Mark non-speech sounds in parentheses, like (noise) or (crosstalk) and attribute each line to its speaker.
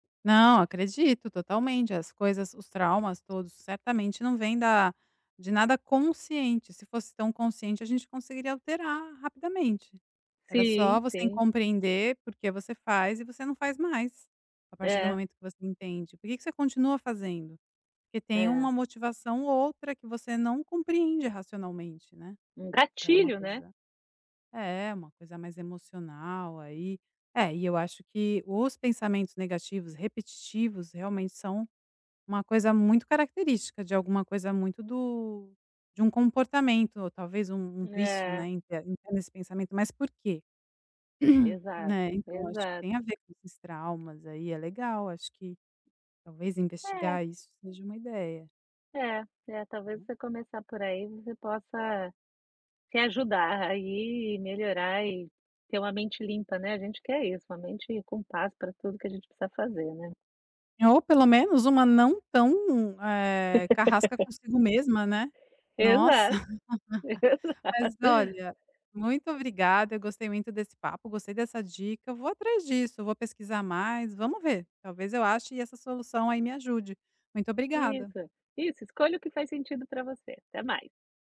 Speaker 1: Não. Acredito, totalmente. As coisas os traumas, todos certamente, não vem da de nada consciente. Se fosse tão consciente, a gente conseguiria alterar, rapidamente. Era
Speaker 2: Sim.
Speaker 1: só você em
Speaker 2: Sim.
Speaker 1: compreender por que você faz e você não faz mais. A partir do
Speaker 2: É.
Speaker 1: momento que você entende, por que que você continua fazendo? Porque tem
Speaker 2: É.
Speaker 1: uma motivação ou outra que você não compreende racionalmente, né.
Speaker 2: Um
Speaker 1: Que é uma
Speaker 2: gatilho, né.
Speaker 1: coisa é, uma coisa mais emocional, aí. É, e eu acho que os pensamentos negativos repetitivos, realmente, são uma coisa muito característica de alguma coisa muito do de um comportamento ou, talvez, um um vício, né,
Speaker 2: É.
Speaker 1: em ter em ter esse pensamento, mas por quê? (clears throat) Né.
Speaker 2: Exato.
Speaker 1: Então, eu acho que tem a
Speaker 2: Exato.
Speaker 1: ver com esses traumas, aí. É legal, acho que, talvez,
Speaker 2: É.
Speaker 1: investigar isso seja uma ideia.
Speaker 2: É. É, talvez, você começar por aí, você possa, se ajudar aí e melhorar, e ter uma mente limpa, né. A gente quer isso, uma mente com paz pra tudo que a gente precisa fazer, né.
Speaker 1: Ou, pelo menos, uma não tão, eh, carrasca
Speaker 2: (laughs)
Speaker 1: consigo mesma, né. Nossa.
Speaker 2: Exato.
Speaker 1: (laughs) Mas,
Speaker 2: Exato.
Speaker 1: olha, muito obrigada, eu gostei muito desse papo, gostei dessa dica, eu vou atrás disso, eu vou pesquisar mais. Vamos ver, talvez eu ache essa solução aí me ajude. Muito obrigada.
Speaker 2: Isso. Isso, escolha o que faz sentido pra você. Até mais.